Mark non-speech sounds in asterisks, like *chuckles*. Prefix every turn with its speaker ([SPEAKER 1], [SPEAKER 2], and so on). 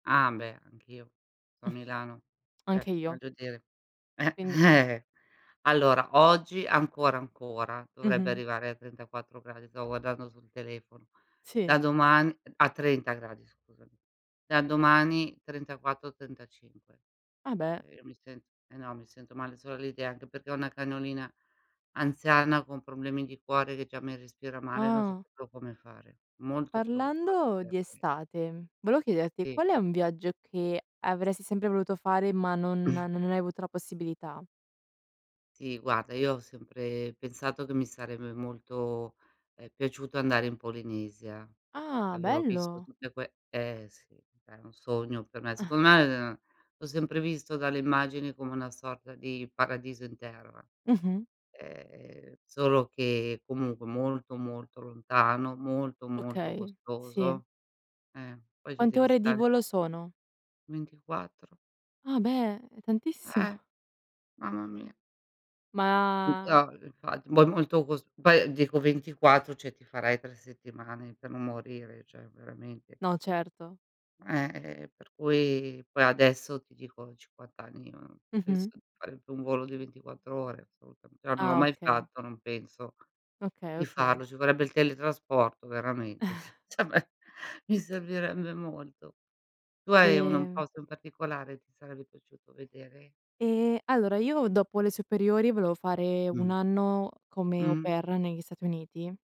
[SPEAKER 1] Ah beh, anch'io, qua a Milano.
[SPEAKER 2] *snorts* Anche
[SPEAKER 1] Cioè,
[SPEAKER 2] io.
[SPEAKER 1] voglio dire eh,
[SPEAKER 2] Quindi è
[SPEAKER 1] eh-eh. Allora, oggi ancora, ancora dovrebbe
[SPEAKER 2] Mh-mh.
[SPEAKER 1] arrivare a 34 gradi, stavo guardando sul telefono. Da
[SPEAKER 2] Sì.
[SPEAKER 1] doman a 30 gradi scusami. Da domani, 34, 35.
[SPEAKER 2] Ah beh.
[SPEAKER 1] Io mi sen ehm, no, mi sento male, solo l'idea, anche perché ho una cagnolina anziana con problemi di cuore che già mi respira male, non so
[SPEAKER 2] Ah.
[SPEAKER 1] proprio come fare. Molto preoccupata
[SPEAKER 2] Parlando
[SPEAKER 1] per
[SPEAKER 2] di
[SPEAKER 1] lei.
[SPEAKER 2] estate, volevo chiederti
[SPEAKER 1] Sì.
[SPEAKER 2] qual è un viaggio che avresti sempre voluto fare ma non
[SPEAKER 1] *clears throat*
[SPEAKER 2] non hai avuto la possibilità?
[SPEAKER 1] Sì, guarda, io ho sempre pensato che mi sarebbe molto, ehm, piaciuto andare in Polinesia.
[SPEAKER 2] Ah,
[SPEAKER 1] Avevo visto
[SPEAKER 2] bello.
[SPEAKER 1] tutte que ehm, sì, è un sogno per me.
[SPEAKER 2] *chuckles*
[SPEAKER 1] Secondo me ehm, l'ho sempre visto dalle immagini come una sorta di paradiso in terra.
[SPEAKER 2] Mh-mh.
[SPEAKER 1] Ehm, solo che comunque molto, molto lontano, molto molto
[SPEAKER 2] Okay, sì.
[SPEAKER 1] costoso. Eh, poi ci
[SPEAKER 2] Quante
[SPEAKER 1] devi
[SPEAKER 2] ore di
[SPEAKER 1] stare
[SPEAKER 2] volo sono?
[SPEAKER 1] 24.
[SPEAKER 2] Ah beh, è tantissimo!
[SPEAKER 1] Eh. Mamma mia.
[SPEAKER 2] Ma
[SPEAKER 1] *unintelligible* Infatti, poi molto cos poi dico 24, cioè ti farai 3 settimane per non morire, cioè veramente.
[SPEAKER 2] No certo.
[SPEAKER 1] Ehm, e e per cui poi adesso ti dico, a 50 anni, uhm, penso
[SPEAKER 2] Mh-mh.
[SPEAKER 1] di fare più un volo di 24, ore assolutamen però non l'ho
[SPEAKER 2] Ah,
[SPEAKER 1] mai
[SPEAKER 2] okay.
[SPEAKER 1] fatto, non penso
[SPEAKER 2] Okay,
[SPEAKER 1] di
[SPEAKER 2] okay.
[SPEAKER 1] farlo. Ci vorrebbe il teletrasporto veramente, s
[SPEAKER 2] *chuckles*
[SPEAKER 1] cioè beh, mi servirebbe molto. Tu hai un un
[SPEAKER 2] Sì.
[SPEAKER 1] posto in particolare, ti sarebbe piaciuto vedere?
[SPEAKER 2] Ehm, allora io dopo le superiori volevo fare
[SPEAKER 1] Mh.
[SPEAKER 2] 1 anno come Au
[SPEAKER 1] Mh.
[SPEAKER 2] Pair negli Stati Uniti.